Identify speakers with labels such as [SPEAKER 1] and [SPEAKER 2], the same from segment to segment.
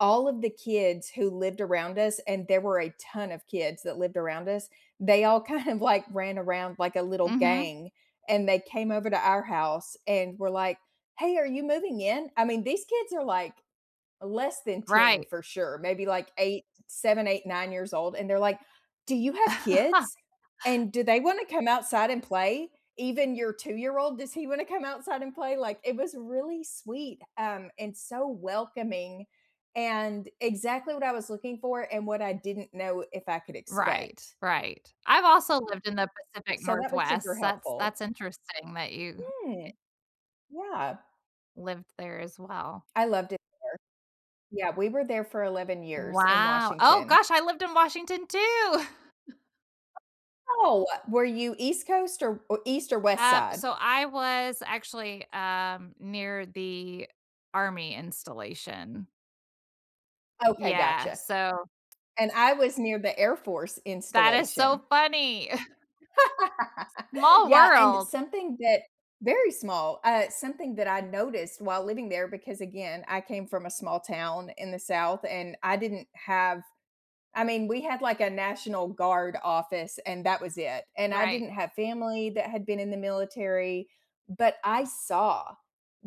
[SPEAKER 1] All of the kids who lived around us and there were a ton of kids that lived around us, they all kind of, like, ran around like a little
[SPEAKER 2] Mhm.
[SPEAKER 1] gang, and they came over to our house and were, like, "Hey, are you moving in?" I mean, these kids are, like, less than 10
[SPEAKER 2] Right.
[SPEAKER 1] for sure, maybe, like, 8, 7, 8, 9 years old, and they're, like, "Do you have kids? And do they wanna come outside and play? Even your two-year-old, does he wanna come outside and play?" Like, it was really sweet, um, and so welcoming and exactly what I was looking for, and what I didn't know if I could
[SPEAKER 2] Right,
[SPEAKER 1] expect.
[SPEAKER 2] right. I've also lived in the Pacific
[SPEAKER 1] So, that was super
[SPEAKER 2] Northwest, that's
[SPEAKER 1] helpful.
[SPEAKER 2] that's interesting that you,
[SPEAKER 1] Hmm.
[SPEAKER 2] e
[SPEAKER 1] Yeah.
[SPEAKER 2] lived there as well.
[SPEAKER 1] I loved it there, yeah, we were there for 11 years in
[SPEAKER 2] Wow oh,
[SPEAKER 1] Washington.
[SPEAKER 2] gosh, I lived in Washington too!
[SPEAKER 1] Oh, uh, were you East Coast or East or West
[SPEAKER 2] Uh,
[SPEAKER 1] Side?
[SPEAKER 2] so I was actually, um, near the Army installation.
[SPEAKER 1] Okay,
[SPEAKER 2] Yeah,
[SPEAKER 1] gotcha.
[SPEAKER 2] so
[SPEAKER 1] And I was near the Air Force
[SPEAKER 2] That is so
[SPEAKER 1] installation.
[SPEAKER 2] funny. Small
[SPEAKER 1] Yeah, and
[SPEAKER 2] world.
[SPEAKER 1] something that very small, uh, something that I noticed while living there because again, I came from a small town in the South, and I didn't have I mean, we had, like, a national guard office and that was it, and I
[SPEAKER 2] Right.
[SPEAKER 1] didn't have family that had been in the military, but I saw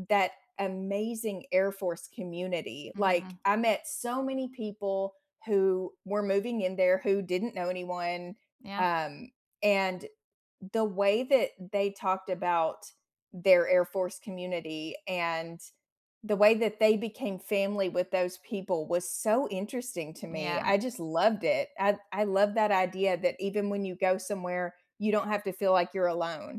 [SPEAKER 1] that amazing Air Force community, like,
[SPEAKER 2] Mhm.
[SPEAKER 1] I met so many people who were moving in there who didn't know anyone,
[SPEAKER 2] Yeah.
[SPEAKER 1] um, and the way that they talked about their Air Force community, and the way that they became family with those people was so interesting to me,
[SPEAKER 2] Yeah.
[SPEAKER 1] I just loved it, I I love that idea that even when you go somewhere, you don't have to feel like you're alone.